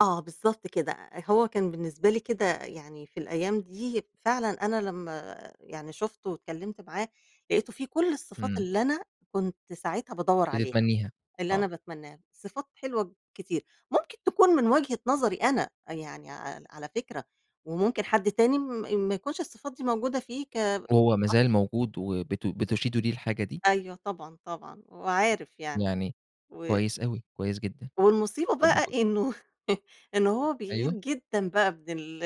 آه بالضبط كده، أ أ كان بالنسبة لي كده يعني في الأيام دي، فعلًا أنا لمّا يعني شُفته واتكلمت معاه، لقيته فيه كُلّ الصفات امم. اللي أنا كنت ساعتها بادوّر عليها، بتتمنيها، اللي أنا آه. باتمناه، صفات حلوة كتير، ممكن تكون من وجهة نظري أنا، يعني عل على فكرة وممكن حد تاني م ما يكونش الصفات دي موجودة فيه ك وهو ما [unintelligible] زال موجود وبت بتشيدوا ليه الحاجة دي؟ أيوه طبعًا طبعًا، وعارف يعني يعني و كويس أوي، كويس جدًا. والمصيبة طب بقى و إنه إن هو بيغِير أيوه. جدًا بقى من ال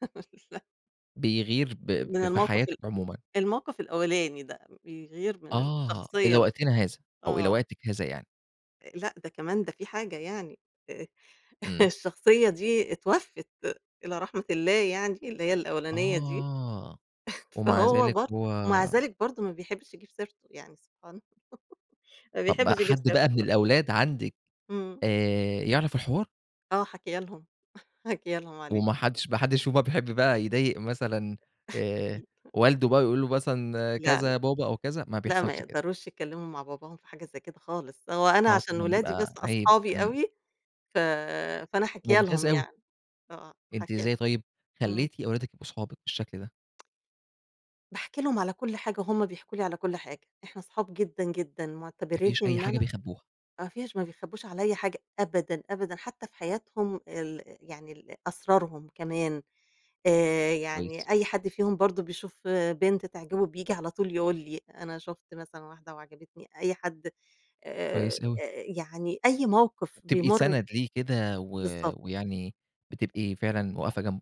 ل بيغِير ب من ف في الموقف حياتِك ال عمومًا. الموقف الأولاني ده، بيغِير من آه، إلى الشخصية ال وقتنا هذا؟ أو إلى آه. وقتِك هذا يعني؟ آآ، لأ، ده كمان ده في حاجة يعني آآ، امم. الشخصية دي اتوفت إلى رحمة الله يعني اللي هي الأولانية دي، آه! ومع فهو ذلك برض هو ومع ذلك برضو ما بيحبش يجيب سيرته، يعني سبحان الله، ما طب بيحبش يجيب حد بقى سيرته من برضو. الأولاد عندِك امم. آآ يعرف الحوار؟ آه حاكيه لهم، حاكيه لهم عليه. وما حدش ما حدش فيهم بقى بيحب بقى يضايق مثلًا، آآ، ل والده بقى ويقول له مثلًا لا كذا لأ، يا بابا أو كذا، ما لأ ما بيحصلش كده؟ يقدروش يتكلموا مع باباهم في حاجة زي كده خالص، هو أنا آه عشان طبعًا ولادي بس بتبقى عيب، أصحابي امم. أوي، ف فأنا حاكيه ممتاز لهم أوي. يعني، آه، أنتِ حاكيه لهم، إزاي طيب امم. خليتِ أولادك يبقوا صحابِك بالشكل ده؟ باحكي لهم على كُلّ حاجة وهُم بيحكوا لي على كُلّ حاجة، إحنا صحاب جدًا جدًا، ما معتبرينني فيش أي إن حاجة أنا بيخبوها؟ ما فيش، ما بيخبوش عليَّ حاجة أبدًا، أبدًا، حتى في حياتهم ال يعني ال أسرارهم كمان، آآ، كويس. يعني أي حد فيهم برضو بيشوف بنت تعجبه بييجي على طول يقول لي: "أنا شُفت مثلًا واحدة وعجبتني." أي حد آآ، كويس أوي. آآ، يعني أي موقف تبقي بيمر سند ليه كده و بالضبط. ويعني بتبقي فعلًا واقفة جنبه.